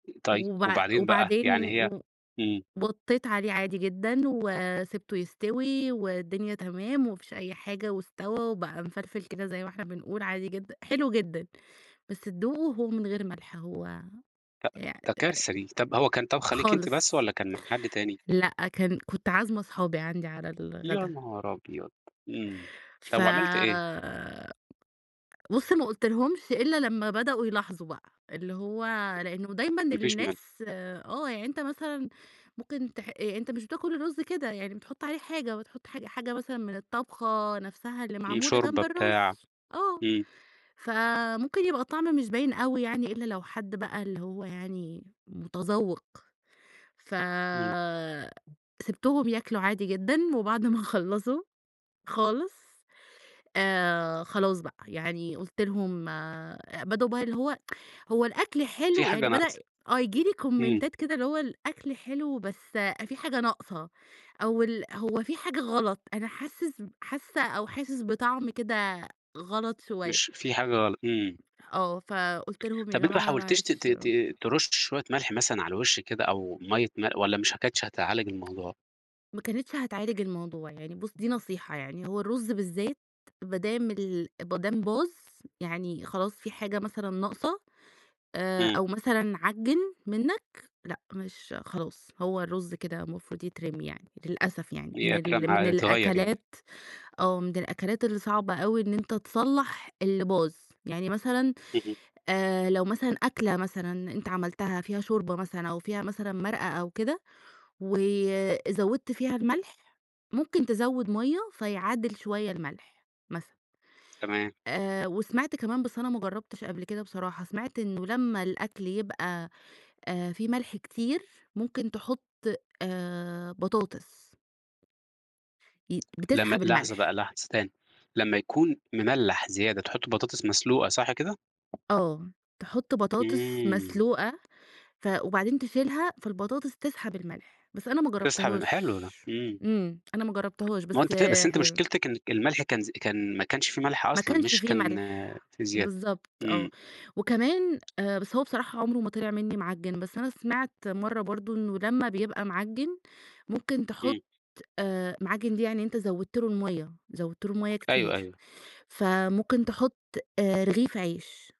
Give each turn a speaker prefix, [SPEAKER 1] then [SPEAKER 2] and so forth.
[SPEAKER 1] طيب
[SPEAKER 2] وبع
[SPEAKER 1] وبعدين بقى، يعني
[SPEAKER 2] وبعدين
[SPEAKER 1] هي
[SPEAKER 2] و
[SPEAKER 1] إمم.
[SPEAKER 2] وطّيت عليه عادي جدًا، وسبته يستوي والدنيا تمام، وما فيش أي حاجة واستوى وبقى مفلفل كده زي ما إحنا بنقول عادي جدًا، حلو جدًا بس تدوقة هو من غير ملح هو
[SPEAKER 1] ده
[SPEAKER 2] يع أ أ
[SPEAKER 1] ده كارثة دي، طَب هو كان طابخة ليكِ أنتِ بس،
[SPEAKER 2] خالص،
[SPEAKER 1] والّا كان مع حد تاني؟
[SPEAKER 2] لأ كان، كنت عازمة اصحابي عندي على
[SPEAKER 1] يا
[SPEAKER 2] الغدا.
[SPEAKER 1] نهار أبيض! إمم
[SPEAKER 2] ف
[SPEAKER 1] طَب وعملتِ إيه؟
[SPEAKER 2] بُصّ ما قُلتلهمش إلّا لمّا بدأوا يلاحظوا بقى، اللي هو لإنه دايمًا
[SPEAKER 1] ما فيش مل
[SPEAKER 2] الناس، آه يعني أنت مثلًا ممكن تح أ أنت مش بتاكل الرز كده، يعني بتحط عليه حاجة بتحط حاجة حاجة مثلًا من الطبخة نفْسها اللي
[SPEAKER 1] إمم،
[SPEAKER 2] معمولة جنب
[SPEAKER 1] شوربة،
[SPEAKER 2] الرز،
[SPEAKER 1] بتاع.
[SPEAKER 2] آه،
[SPEAKER 1] إمم.
[SPEAKER 2] فممكن يبقى الطعم مش باين أوي يعني إلّا لو حد بقى اللي هو يعني متذوّق، ف
[SPEAKER 1] إمم.
[SPEAKER 2] سِبتهم ياكلوا عادي جدًا، وبعد ما خلّصوا خالص، آآ خلاص بقى يعني قُلت لهم آآ، بدأوا بقى اللي هو، هو الأكل
[SPEAKER 1] في
[SPEAKER 2] حلو
[SPEAKER 1] حاجة
[SPEAKER 2] يعني بدأ،
[SPEAKER 1] ناقصة.
[SPEAKER 2] آه ييجي لي
[SPEAKER 1] إمم.
[SPEAKER 2] كومنتات كده اللي هو الأكل حلو بس في حاجة ناقصة، أو ال هو في حاجة غلط، أنا حاسس ب حاسّة أو حاسس بطعم كده غلط شوية.
[SPEAKER 1] مش، في حاجة غلط، إمم.
[SPEAKER 2] آه، فقُلت لهم يا
[SPEAKER 1] طَب أنتِ ما
[SPEAKER 2] جماعة
[SPEAKER 1] حاولتيش ت ت
[SPEAKER 2] معلش
[SPEAKER 1] ت ترُشّي شوية ملح مثلًا على الوِش كده، أو مَيّة مل والّا مش ه كانتش هتعالج الموضوع؟
[SPEAKER 2] ما كانتش هتعالج الموضوع، يعني بُصّ دي نصيحة يعني، هو الرز بالذات ما دام ال ما دام باظ، يعني خلاص في حاجة مثلًا ناقصة، آآ
[SPEAKER 1] إمم.
[SPEAKER 2] أو مثلًا عجّن منّك، لأ مش خلاص هو الرز كده مفروض يترمي يعني، للأسف يعني من
[SPEAKER 1] بيترمى
[SPEAKER 2] ال
[SPEAKER 1] ع
[SPEAKER 2] من
[SPEAKER 1] يتغيّر يعني.
[SPEAKER 2] الأكلات، آه من الأكلات اللي صعبة أوي إن أنت تصلّح اللي باظ، يعني مثلًا
[SPEAKER 1] اهم.
[SPEAKER 2] آآ لو مثلًا أكلة مثلًا أنت عملتها فيها شوربة مثلًا أو فيها مثلًا مرقة أو كده، وزوّدت فيها الملح، ممكن تزوّد مَيّة فيعادل شوية الملح، مثلًا.
[SPEAKER 1] تمام.
[SPEAKER 2] آآ وسمعت كمان بس أنا ما جرّبتش قبل كده بصراحة، سمعت إنه لمّا الأكل يبقى آآ في ملح كتير ممكن تحط آآ بطاطس. ي
[SPEAKER 1] لمّا
[SPEAKER 2] بتسحب
[SPEAKER 1] لحظة بقى
[SPEAKER 2] الملح.
[SPEAKER 1] لحظة، تاني، لمّا يكون مملّح زيادة تحطّي بطاطس مسلوقة صح كده؟
[SPEAKER 2] آه، تحط بطاطس
[SPEAKER 1] إمم.
[SPEAKER 2] مسلوقة ف وبعدين تشيلها فالبطاطس تسحب الملح، بس أنا ما
[SPEAKER 1] تسحب ال
[SPEAKER 2] جرّبتهاش،
[SPEAKER 1] حلو ده، إمم.
[SPEAKER 2] إمم، أنا ما جرّبتهاش
[SPEAKER 1] ما هو
[SPEAKER 2] بس
[SPEAKER 1] أنتِ كده، بس أنتِ
[SPEAKER 2] حلو.
[SPEAKER 1] مشكلتِك إنِّك الملح كان ز كان ما كانش في ملح
[SPEAKER 2] ما
[SPEAKER 1] أصلًا،
[SPEAKER 2] كانش
[SPEAKER 1] مش
[SPEAKER 2] فيه
[SPEAKER 1] كان
[SPEAKER 2] ملح،
[SPEAKER 1] في زيادة،
[SPEAKER 2] بالضبط آه،
[SPEAKER 1] إمم.
[SPEAKER 2] وكمان آآ بس هو بصراحة عُمره ما طِلِع منّي معجّن، بس أنا سمعت مَرّة برضه إنه لمّا بيبقى معجّن، ممكن تحط
[SPEAKER 1] إمم.
[SPEAKER 2] آآ معجّن دي يعني أنت زوّدت له المَيّة، زوّدت له المَيّة كتير،
[SPEAKER 1] أيوه، أيوه.
[SPEAKER 2] فممكن تحط آآ رغيف عيش.